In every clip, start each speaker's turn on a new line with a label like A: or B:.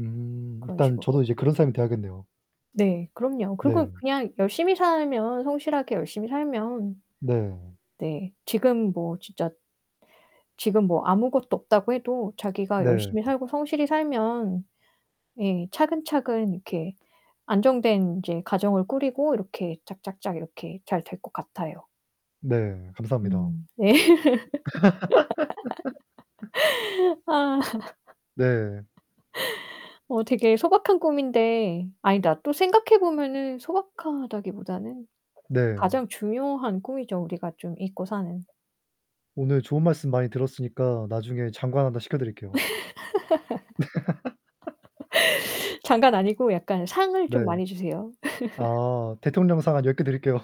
A: 음.
B: 그런
A: 일단 저도
B: 식으로?
A: 이제 그런 사람이 되어야겠네요.
B: 네. 그럼요. 그리고
A: 네.
B: 그냥 열심히 살면 성실하게 열심히 살면
A: 네.
B: 네, 지금 뭐 진짜. 지금 뭐 아무것도 없다고 해도 자기가
A: 네.
B: 열심히 살고 성실히 살면 예, 차근차근 이렇게 안정된 인제 가정을 꾸리고 이렇게 짝 짝 짝 이렇게 잘 될 것 같아요.
A: 네 감사합니다.
B: 음. 예. 아.
A: 네.
B: 어 되게 소박한 꿈인데 아니다 또 생각해보면은 소박하다기보다는
A: 네.
B: 가장 중요한 꿈이죠. 우리가 좀 잊고 사는.
A: 오늘 좋은 말씀 많이 들었으니까 나중에 장관 하나 시켜드릴게요.
B: 장관 아니고 약간 상을
A: 네.
B: 좀 많이 주세요.
A: 아 대통령상 한 10 개 드릴게요.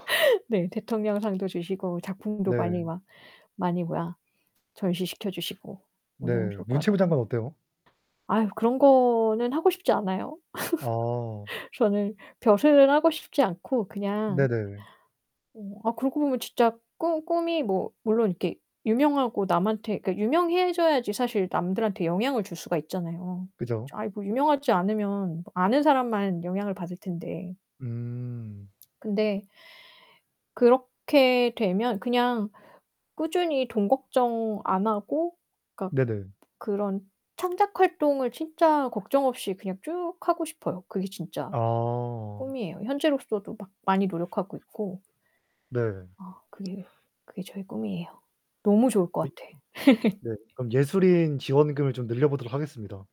B: 네 대통령상도 주시고 작품도 많이
A: 네.
B: 막 많이 뭐야 전시 시켜주시고 너무
A: 네,
B: 좋을 것
A: 문체부
B: 같아요.
A: 장관 어때요?
B: 아유 그런 거는 하고 싶지 않아요.
A: 아.
B: 저는 벼슬을 하고 싶지 않고 그냥
A: 네네.
B: 어 아 그러고 보면 진짜 꿈 꿈이 뭐 물론 이렇게 유명하고 남한테 그니까 유명해져야지 사실 남들한테 영향을 줄 수가 있잖아요.
A: 그죠.
B: 아이 뭐 유명하지 않으면 아는 사람만 영향을 받을 텐데.
A: 음.
B: 근데 그렇게 되면 그냥 꾸준히 돈 걱정 안 하고 그니까
A: 네네.
B: 그런 창작 활동을 진짜 걱정 없이 그냥 쭉 하고 싶어요. 그게 진짜
A: 어.
B: 꿈이에요. 현재로서도 막 많이 노력하고 있고
A: 네.
B: 아 그게 그게 저의 꿈이에요. 너무 좋을
A: 이
B: 것 같아.
A: 네, 그럼 예술인 지원금을 좀 늘려보도록 하겠습니다.